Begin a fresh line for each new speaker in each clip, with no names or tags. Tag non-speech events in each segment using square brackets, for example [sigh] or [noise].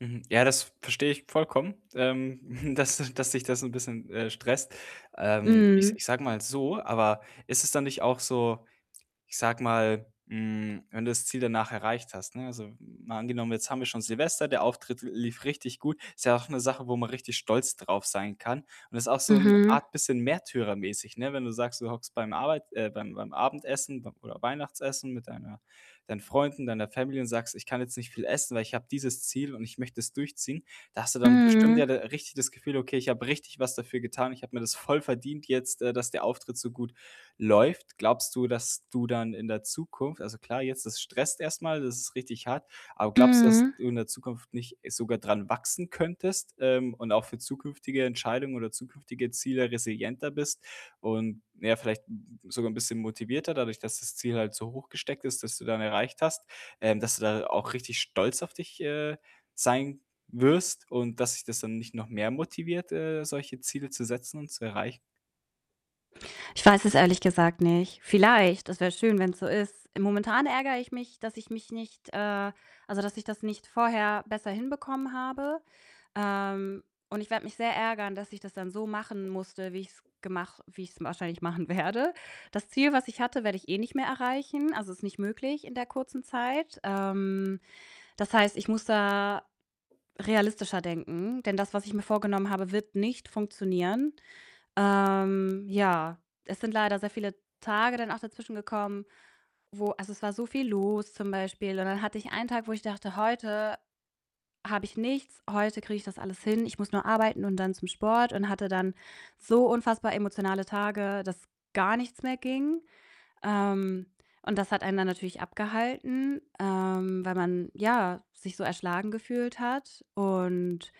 Mhm. Ja, das verstehe ich vollkommen, ähm, [chuckles] dass dass dich das 'n bisschen, äh, stresst, ähm, ich s ich
Mhm.
sage mal so. Aber ist es dann nicht auch so, ich sage mal, hm, wenn du das Ziel danach erreicht hast, ne, also, mal angenommen, jetzt haben wir schon Silvester, der Auftritt lief richtig gut. Ist ja auch 'ne Sache, wo man richtig stolz drauf sein kann und ist auch so 'n
Mhm.
Art bisschen märtyrermäßig, ne, wenn du sagst, du hockst beim Arbeit äh, beim beim Abendessen b oder Weihnachtsessen mit deiner deinen Freunden, deiner Family und sagst: „Ich kann jetzt nicht viel essen, weil ich habe dieses Ziel und ich möchte das durchziehen.“ Da hast du dann bestimmt ja d
Mhm.
richtig das Gefühl: „Okay, ich habe richtig was dafür getan. Ich habe mir das voll verdient jetzt, äh, dass der Auftritt so gut läuft.“ Glaubst du, dass du dann in der Zukunft also, klar, jetzt das stresst erst mal, das ist richtig hart, aber glaubst du, dass
Mhm.
du in der Zukunft nicht sogar dran wachsen könntest, ähm, und auch für zukünftige Entscheidungen oder zukünftige Ziele resilienter bist und, ja, vielleicht [unintelligible] sogar 'n bisschen motivierter dadurch, dass das Ziel halt so hochgesteckt ist, das du dann erreicht hast, ähm, dass du da auch richtig stolz auf dich, äh, sein wirst und dass dich das dann nicht noch mehr motiviert, äh, solche Ziele zu setzen und zu erreichen?
Ich weiß es ehrlich gesagt nicht. Vielleicht, das wär schön, wenn's so ist. I momentan ärgere ich mich, dass ich mich nicht, äh also, dass ich das nicht vorher besser hinbekommen habe. Ähm, und ich werde mich sehr ärgern, dass ich das dann so machen musste, wie ich's gemach wie ich's wahrscheinlich machen werde. Das Ziel, was ich hatte, werde ich eh nicht mehr erreichen. Also, ist nicht möglich in der kurzen Zeit. Ähm, das heißt, ich muss da realistischer denken, denn das, was ich mir vorgenommen habe, wird nicht funktionieren. Ähm, ja, es sind leider sehr viele Tage dann auch dazwischen gekommen, wo also, es war so viel los zum Beispiel, und dann hatte ich einen Tag, wo ich dachte: „Heute habe ich nichts, heute kriege ich das alles hin. Ich muss nur arbeiten und dann zum Sport.“ Und hatte dann so unfassbar emotionale Tage, dass gar nichts mehr ging. Ähm, und das hat einen dann natürlich abgehalten, ähm, weil man, ja, sich so erschlagen gefühlt hat und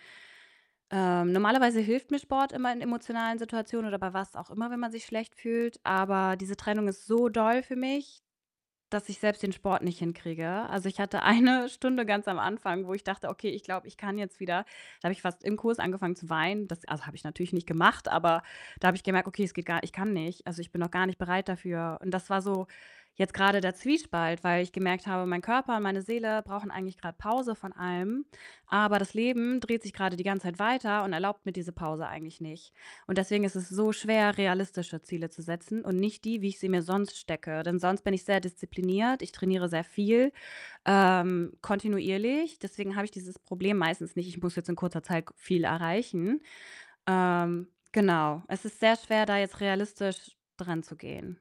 Ähm, normalerweise hilft mir Sport immer in emotionalen Situationen oder bei was auch immer, wenn man sich schlecht fühlt, aber diese Trennung ist so doll für mich, dass ich selbst den Sport nicht hinkriege. Also, ich hatte eine Stunde ganz am Anfang, wo ich dachte: „Okay, ich glaube, ich kann jetzt wieder.“ Da habe ich fast im Kurs angefangen zu weinen. Das also, habe ich natürlich nicht gemacht, aber da habe ich gemerkt: „Okay, es geht gar ich kann nicht.“ Also, ich bin noch gar nicht bereit dafür und das war so jetzt grade der Zwiespalt, weil ich gemerkt habe, mein Körper, meine Seele brauchen eigentlich grad Pause von allem, aber das Leben dreht sich grade die ganze Zeit weiter und erlaubt mir diese Pause eigentlich nicht und deswegen ist es so schwer, realistische Ziele zu setzen und nicht die, wie ich sie mir sonst stecke. Denn sonst bin ich sehr diszipliniert. Ich trainiere sehr viel, ähm, kontinuierlich. Deswegen habe ich dieses Problem meistens nicht: Ich muss jetzt in kurzer Zeit k viel erreichen. Ähm, genau. Es ist sehr schwer, da jetzt realistisch dranzugehen.